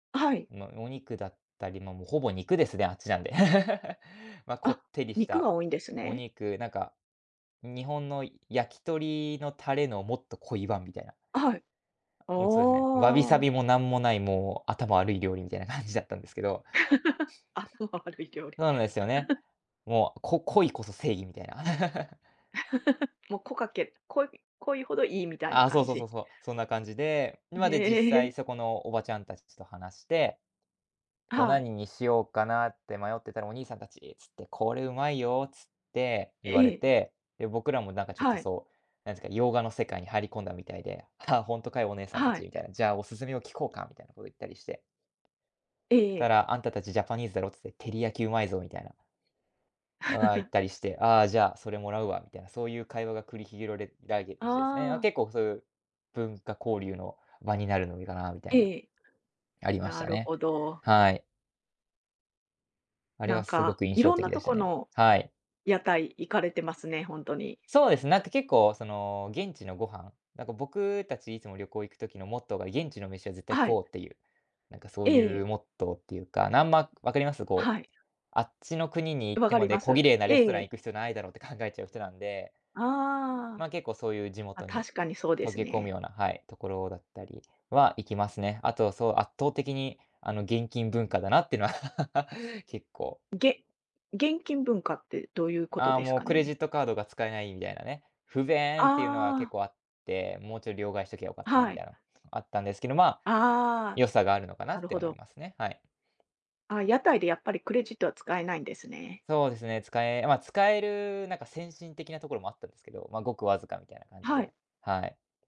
はい。ま、お肉だったり、ま、もうほぼ肉ですで、あっちなんで。ま、こあ、ってりし肉がた多いんですおね？肉、なんか日本の焼き鳥のタレのもっと濃い版みたいな。はい。もうそうですね、わびさおお。びもなんもない、もう頭悪い料理みたいな感じだったんですけど。頭悪い料理。そうなんですよね。もう、こ濃いこそ正義、みたいな。もう、こかけ濃い濃いほどいいみたいあなあ、そ感うそうそうじ。そう、そんな感じで、ん、まあにで実際え。そこのおばちゃんたちちと話して、こうはい。何にしようかなって迷ってたら、「お兄さんたち」っつって、「これうまいよ」っつって、え言われえ。て、で、僕らもなんかちょっとはい。そう、なんすか、洋画の世界に入り込んだみたいで、「ああ、ほんとかよ、お姉さんたはち」い。みたいな。「じゃあ、おすすめを聞こうか」みたいなことを言ったりして。えええたえ。ら、「あんたたちジャパニーズだろ」っつって、「照り焼きうまいぞ」みたいな。ああ、言っ たりして、「ああ、じゃあ、それもらうわ」みたいな、そういう会話が繰りひろれられですね。ああ、あ。結構そういう、文化交流の場になるのもいいかなみたいな。ええ。ありましなたるね。ほど。はい。あれなはんすごか、く印い象ろん的なでとしたこね。のはい。屋台行かれてますね、ほんとに。そうです、なんか結構その、現地のご飯、なんか僕たちいつも旅行行く時のモットーが、現地の飯は絶対は食おい。うっていう。なんかそうえいえ。うモットーっていうか、なんま、分かります？こう、はい。あっちの国に行っ分てかまりでま小綺す。麗なレスえトランえ。行く必要ないだろうって考えちゃう人なんで。ああ。ま、結構そういう地ま、元に確かにそうで溶すけ込むね。ようなはい、ところだったりは行きますね。あとそう圧倒的にあの、現金文化だなってのは 結構げ現金文化ってどういうことああ、ですもうかクレジッね？トカードが使えないみたいなね。不便っていうのはあ結あ。構あって、もうちょい両替しときゃよかったみはたい。いなも、あったんですけど、まあ、ああ。良さがあるのかななっるてほ思いど。ますね、はい。ああ、屋台でやっぱりクレジットは使えないんですね。そうですね、使えあ、ま、使えるなんか先進的なところもあったんですけど、ま、ごくわずかみたいな感じはい。で、はい。